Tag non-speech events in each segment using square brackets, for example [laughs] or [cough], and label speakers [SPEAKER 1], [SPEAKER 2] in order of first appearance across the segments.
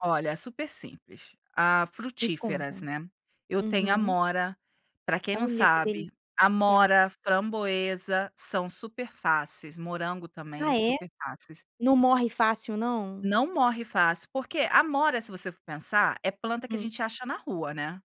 [SPEAKER 1] Olha, é super simples a
[SPEAKER 2] Me
[SPEAKER 1] frutíferas,
[SPEAKER 2] conta.
[SPEAKER 1] né. Eu tenho
[SPEAKER 2] Uhum.
[SPEAKER 1] amora, pra quem não
[SPEAKER 2] Olha, que
[SPEAKER 1] sabe,
[SPEAKER 2] delícia.
[SPEAKER 1] amora, framboesa, são super fáceis, morango também
[SPEAKER 2] Ah é?
[SPEAKER 1] super fáceis.
[SPEAKER 2] Não morre fácil não?
[SPEAKER 1] Não morre fácil, porque amora se você for pensar é planta que a
[SPEAKER 2] Hum.
[SPEAKER 1] gente acha na rua, né.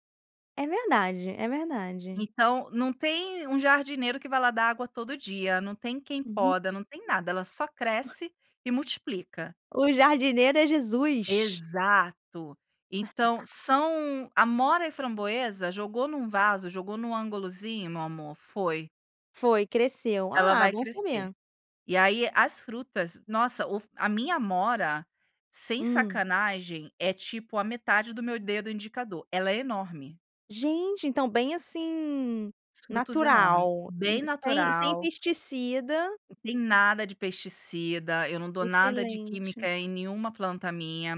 [SPEAKER 2] É verdade, é verdade.
[SPEAKER 1] Então não tem um jardineiro que vai lá dar água todo dia, não tem quem
[SPEAKER 2] Uhum.
[SPEAKER 1] poda, não tem nada, ela só cresce e multiplica.
[SPEAKER 2] O jardineiro é Jesus.
[SPEAKER 1] Exato. Então
[SPEAKER 2] [laughs]
[SPEAKER 1] são amora e framboesa, jogou em um vaso, jogou em um ângulozinho meu amor, foi.
[SPEAKER 2] Foi, cresceu.
[SPEAKER 1] Ela
[SPEAKER 2] Ah,
[SPEAKER 1] vai
[SPEAKER 2] bom
[SPEAKER 1] crescer.
[SPEAKER 2] saber.
[SPEAKER 1] E aí as frutas, nossa, o f a minha amora, sem
[SPEAKER 2] Hum.
[SPEAKER 1] sacanagem, é tipo a metade do meu dedo indicador, ela é enorme.
[SPEAKER 2] Gente, então bem, assim,
[SPEAKER 1] Os frutos enorme,
[SPEAKER 2] natural
[SPEAKER 1] bem
[SPEAKER 2] sem sem
[SPEAKER 1] natural
[SPEAKER 2] pesticida
[SPEAKER 1] tem nada de pesticida, eu não dou nada de química
[SPEAKER 2] Excelente.
[SPEAKER 1] em nenhuma planta minha,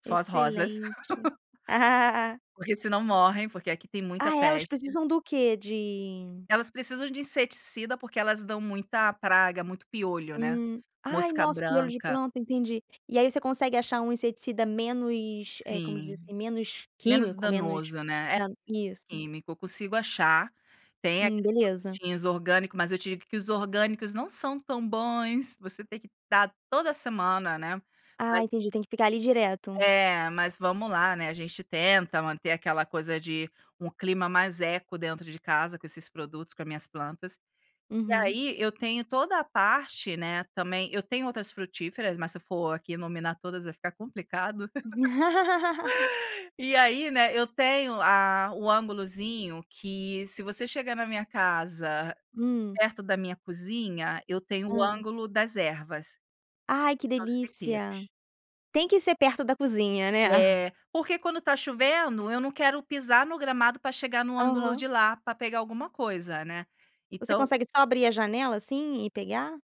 [SPEAKER 1] só as rosas.
[SPEAKER 2] Excelente.
[SPEAKER 1] [laughs]
[SPEAKER 2] [laughs]
[SPEAKER 1] Porque se não morrem, porque aqui tem muita
[SPEAKER 2] Ah, elas
[SPEAKER 1] peste.
[SPEAKER 2] precisam do quê? De
[SPEAKER 1] Elas precisam de inseticida, porque elas dão muita praga, muito piolho, né,
[SPEAKER 2] Hum. Ai,
[SPEAKER 1] mosca
[SPEAKER 2] nossa, piolho de
[SPEAKER 1] branca.
[SPEAKER 2] planta, entendi. E aí você consegue achar um inseticida menos, eh, como
[SPEAKER 1] Sim.
[SPEAKER 2] diz, assim, menos
[SPEAKER 1] Menos
[SPEAKER 2] químico, menos
[SPEAKER 1] danoso, né, é
[SPEAKER 2] da
[SPEAKER 1] menos
[SPEAKER 2] isso.
[SPEAKER 1] químico, eu consigo achar, tem
[SPEAKER 2] Hum,
[SPEAKER 1] aqueles
[SPEAKER 2] beleza.
[SPEAKER 1] produtinhos orgânico, mas eu digo que os orgânicos não são tão bons, você tem que dar toda semana, né.
[SPEAKER 2] Ah,
[SPEAKER 1] Mas
[SPEAKER 2] entendi. Tem que ficar ali direto.
[SPEAKER 1] É, mas vamos lá, né, a gente tenta manter aquela coisa de um clima mais eco dentro de casa com esses produtos, com as minhas plantas. E
[SPEAKER 2] Uhum.
[SPEAKER 1] aí eu tenho toda a parte né, também, eu tenho outras frutíferas, mas se eu for aqui nominar todas vai ficar complicado.
[SPEAKER 2] [laughs]
[SPEAKER 1] [laughs] E aí, né, eu tenho a um ângulozinho que se você chegar na minha casa,
[SPEAKER 2] Hum.
[SPEAKER 1] perto da minha cozinha, eu tenho o
[SPEAKER 2] Hã.
[SPEAKER 1] ângulo das ervas.
[SPEAKER 2] Ai que
[SPEAKER 1] São os
[SPEAKER 2] delícia.
[SPEAKER 1] temperos.
[SPEAKER 2] Tem que ser perto da cozinha, né.
[SPEAKER 1] É. Porque quando está chovendo, eu não quero pisar no gramado pra chegar no ângulo de
[SPEAKER 2] Aham.
[SPEAKER 1] lá, pra pegar alguma coisa, né.
[SPEAKER 2] Você
[SPEAKER 1] Então
[SPEAKER 2] consegue só abrir a janela assim e pegar?